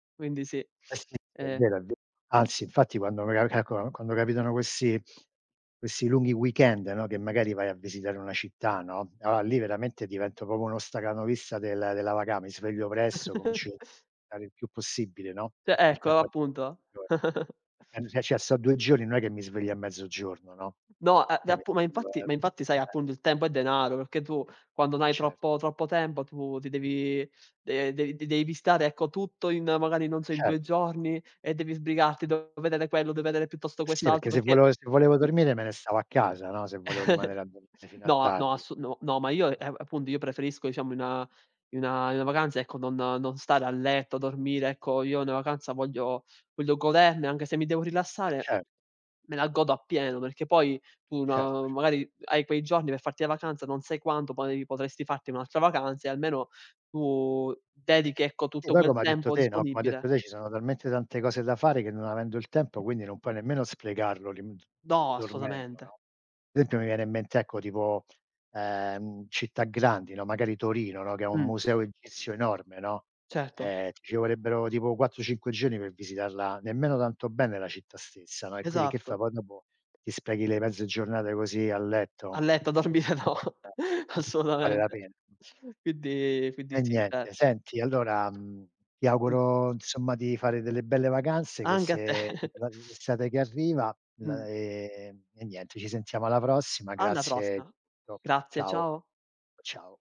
Quindi sì, Eh, sì, sì, è e vero, è vero. Anzi, infatti, quando [unintelligible] calcola, quando capitano questi questi lunghi weekend, no, che magari vai a visitare una città, no, allora lì veramente divento proprio uno stacanovista del della vaca mi sveglio presto, comincio a stare il più possibile, no, Cioè il ecco tempo a appunto. disposizione. Eh, se ce sto 2 giorni, non è che mi sveglio a mezzogiorno, no, No, eh d eh, me app ma sveglio infatti a, ma infatti, sai, eh appunto, il tempo è denaro, perché tu quando no hai Cer troppo troppo tempo tu ti devi, eh, dev devi stare, ecco, tutto in magari, non E so, in 2 certo. giorni e devi sbrigarti. Devo vedere quello, deve vedere piuttosto Sì, perché quest'altro se perché volevo se volevo mh dormire me ne stavo a casa, no, se volevo rimanere a dormire fino a No, no, tardi. ass no, ma io, Eh. eh, appunto, io preferisco, diciamo, in una in una vacanza, ecco, non non stare a letto, dormire, ecco. Io i una vacanza voglio voglio goderne, anche se mi devo E rilassare cer me la godo appieno, perché poi tu, Certo no, cer magari hai quei giorni per farti la vacanza, non sai quanto, poi, potresti farti un'altra vacanza e almeno tu dedichi, ecco, Sì, tutto poi quel come hai detto tempo te, no, come hai disponibile. detto te, ci sono talmente tante cose da fare che non avendo il tempo quindi non puoi nemmeno sprecarlo lì d No, dormendo, assolutamente. no. Sempio mi viene in mente, ecco, tipo, ehm, città grandi, no, magari Torino, no, che ha un Mh. museo egizio enorme, no, Certo. eh, ti ci vorrebbero tipo 4-5 giorni per visitarla nemmeno tanto bene, la città stessa, no, e quindi che fai? Esatto. Poi dopo ti sprechi le mezze giornate così a A letto? letto a dormire no. Eh. Vale la Assolutamente. pena? Quindi quindi E sì, niente, certo. senti, allora, mhmm, ti Mh. auguro insomma di fare delle belle vacanze, Anche a te. queste [unintelligible] estate che arriva l Mh. e e niente, ci sentiamo alla prossima. Alla Grazie di prossima. tutto. Grazie, Ciao, ciao. ciao.